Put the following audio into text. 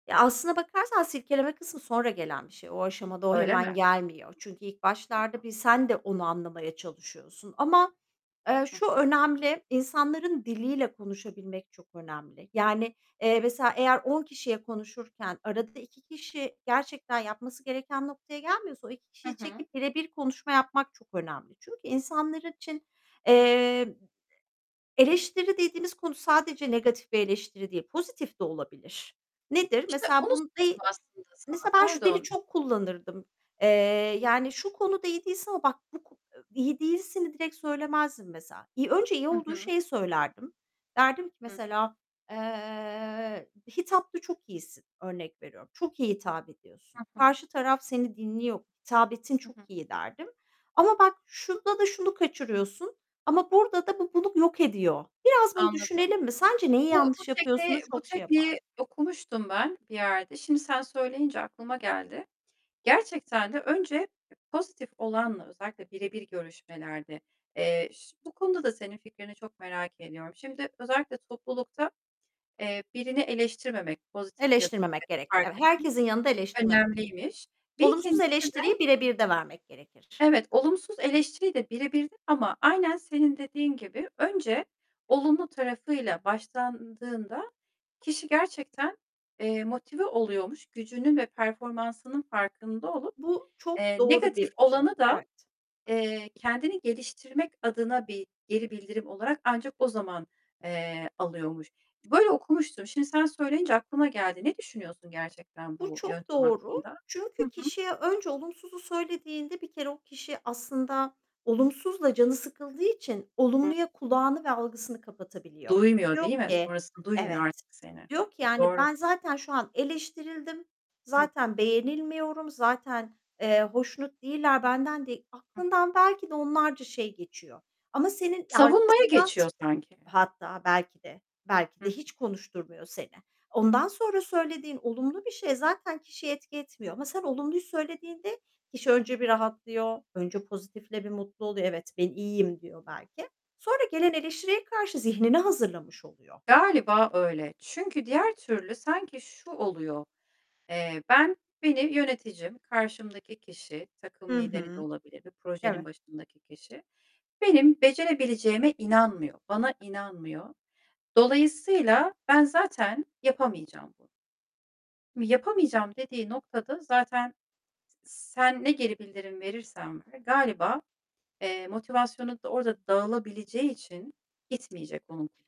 Ya, aslında bakarsan silkeleme kısmı sonra gelen bir şey. O aşamada o Öyle hemen mi? gelmiyor. Çünkü ilk başlarda [unintelligible] bir sen de onu anlamaya çalışıyorsun ama, eee, Hı. şu önemli, insanların diliyle konuşabilmek çok önemli. Yani, eee, mesela eğer 10 kişiye konuşurken arada 2 kişi gerçekten yapması gereken noktaya gelmiyorsa o 2 Hı kişiyi hı. çekip birebir konuşma yapmak çok önemli. Çünkü insanlar için, Hı. eee, eleştiri dediğimiz konu sadece negatif bir eleştiri değil, pozitif de olabilir. Nedir? İşte, Mesela onu bun sordum deği aslında sana, Mesela ben şu dili pardon. çok kullanırdım. Eee, yani "Şu konuda iyi değilsin ama bak bu ko" I iyi değilsini direkt söylemezdim mesela. İii, önce iyi Hı olduğu hı. şeyi söylerdim. Derdim ki Hı hı. mesela, eee, "Hitapta çok iyisin." örnek veriyorum. "Çok iyi hitap ediyorsun. Hı hı. Karşı taraf seni dinliyor, hitabetin Hı çok hı. iyi." derdim. "Ama bak şunda da şunu kaçırıyorsun ama burada da bu bunu yok ediyor. Biraz bunu Anladım. düşünelim mi, sence neyi Bu bu yanlış yapıyorsun?" u tekniği, bu çok şey yapar tekniği okumuştum ben bir yerde. Şimdi sen söyleyince aklıma geldi. Gerçekten de önce pozitif olanla, özellikle birebir görüşmelerde, eee, iş bu konuda da senin fikrini çok merak ediyorum. Şimdi özellikle toplulukta, eee, birini eleştirmemek, pozitif ya da Eleştirmemek [unintelligible] gerek. fark Eve etmek herkesin yanında eleştirmemek gerek. önemliymiş. Bir Olumsuz ikincisi de eleştiriyi birebirde vermek gerekir. Evet, olumsuz eleştiriyi de birebirde ama aynen senin dediğin gibi önce olumlu tarafıyla başlandığında kişi gerçekten, eee, motive oluyormuş. Gücünün ve performansının farkında olup, Bu çok eee, doğru negatif bir şey. olanı da, Evet. eee, kendini geliştirmek adına bir geri bildirim olarak ancak o zaman, eee, alıyormuş. Böyle okumuştum. Şimdi sen söyleyince aklıma geldi. Ne düşünüyorsun gerçekten Bu bu çok yöntem doğru. hakkında? Hı Çünkü hı. kişiye önce olumsuzu söylediğinde bir kere o kişi aslında olumsuzla canı sıkıldığı için olumluya kulağını ve algısını kapatabiliyor. Duymuyor Diyor değil mi? ki, Sonrasını, duymuyor "Evet." artık seni. Eee, Diyor ki, yani, doğru. "Ben zaten şu an eleştirildim, Hı. zaten beğenilmiyorum, zaten, eee, hoşnut değiller benden değ" Hı. Aklından belki de onlarca şey geçiyor ama senin Ya, Savunmaya arkasından s geçiyor sanki. Hatta belki de, belki de Hı. hiç konuşturmuyor seni. Ondan sonra söylediğin olumlu bir şey zaten kişiye etki etmiyor ama sen olumluyu söylediğinde kişi Hı. önce bir rahatlıyor. Önce pozitifle bir mutlu oluyor. "Evet, ben iyiyim." diyor belki. Sonra gelen eleştiriye karşı zihnini hazırlamış oluyor. Galiba öyle. Çünkü diğer türlü sanki şu oluyor. Eee, ben Beni yöneticim, karşımdaki kişi, takım Hı lideri de hı. olabilir bir projenin Evet. başındaki kişi. Benim becerebileceğime inanmıyor, bana inanmıyor. Dolayısıyla ben zaten yapamayacağım bunu. M yapamayacağım dediği noktada zaten, s sen ne geri bildirim verirsen ver, galiba, eee, motivasyonu da orada dağılabileceği için gitmeyecek onun.